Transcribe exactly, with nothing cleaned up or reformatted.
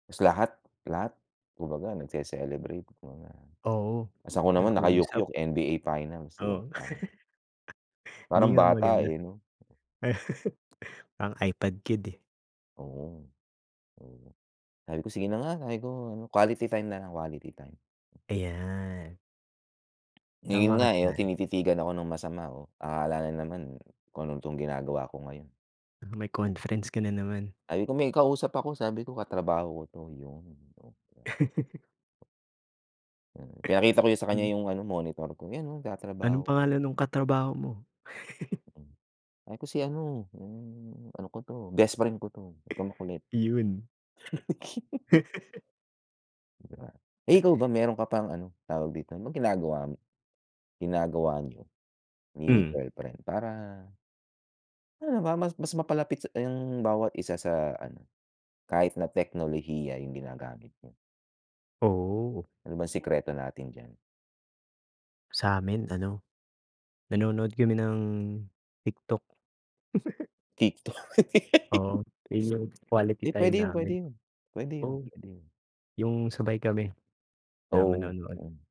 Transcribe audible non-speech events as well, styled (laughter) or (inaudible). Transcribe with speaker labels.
Speaker 1: Tas lahat lahat kumbaga nagce-celebrate muna.
Speaker 2: Oo,
Speaker 1: Tas ako naman
Speaker 2: nag-uusap.
Speaker 1: naka-yukyuk N-B-A final 'di ba
Speaker 2: Oo.
Speaker 1: parang
Speaker 2: (chuckles) Hindi
Speaker 1: parang
Speaker 2: nga
Speaker 1: bata
Speaker 2: maganda.
Speaker 1: eh, 'no?
Speaker 2: (chuckles) Ang iPad kid eh.
Speaker 1: Oo, oo, sabi ko "Sige na nga" Sabi ko ano "Quality time na lang, quality time."
Speaker 2: Ayan.
Speaker 1: Ngayon
Speaker 2: Tama ka
Speaker 1: nga eh, yung
Speaker 2: diyan.
Speaker 1: tinititigan ako ng masama oh, akala na naman, kung tong ginagawa ko ngayon.
Speaker 2: May conference ka na naman.
Speaker 1: Sabi ko "May kausap ako" Sabi ko "Ka-trabaho ko 'to" Yun, 'di ba. Mm, pinakita ko yun sa kanya
Speaker 2: Mm.
Speaker 1: yung ano monitor ko yan oh,
Speaker 2: Anong
Speaker 1: nag-tatrabaho.
Speaker 2: pangalan nung katrabaho mo? (chuckles)
Speaker 1: Sabi ko si ano, yung ano ko to, best friend ko to, wag kang makulit.
Speaker 2: Iyun.
Speaker 1: (chuckles) Eh, ikaw ba meron ka pang ano, tawag dito anong ginagawa mo? Ginagawa niyo? Ni
Speaker 2: Mm.
Speaker 1: girlfriend para ano ba mas mas mapalapit ang bawat isa sa ano, kahit na teknolohiya yung ginagamit niyo.
Speaker 2: Oo.
Speaker 1: Ano bang sikreto natin diyan?
Speaker 2: Sa'min ano, nanonood kami ng TikTok. (laughs)
Speaker 1: Tiktok.
Speaker 2: Oo, yun yung quality
Speaker 1: Eh,
Speaker 2: time
Speaker 1: pwede yun pwede
Speaker 2: namin.
Speaker 1: yun pwede yun
Speaker 2: Oh,
Speaker 1: pwede yun.
Speaker 2: yung sabay kami, na
Speaker 1: Oo.
Speaker 2: manonood.
Speaker 1: Mm.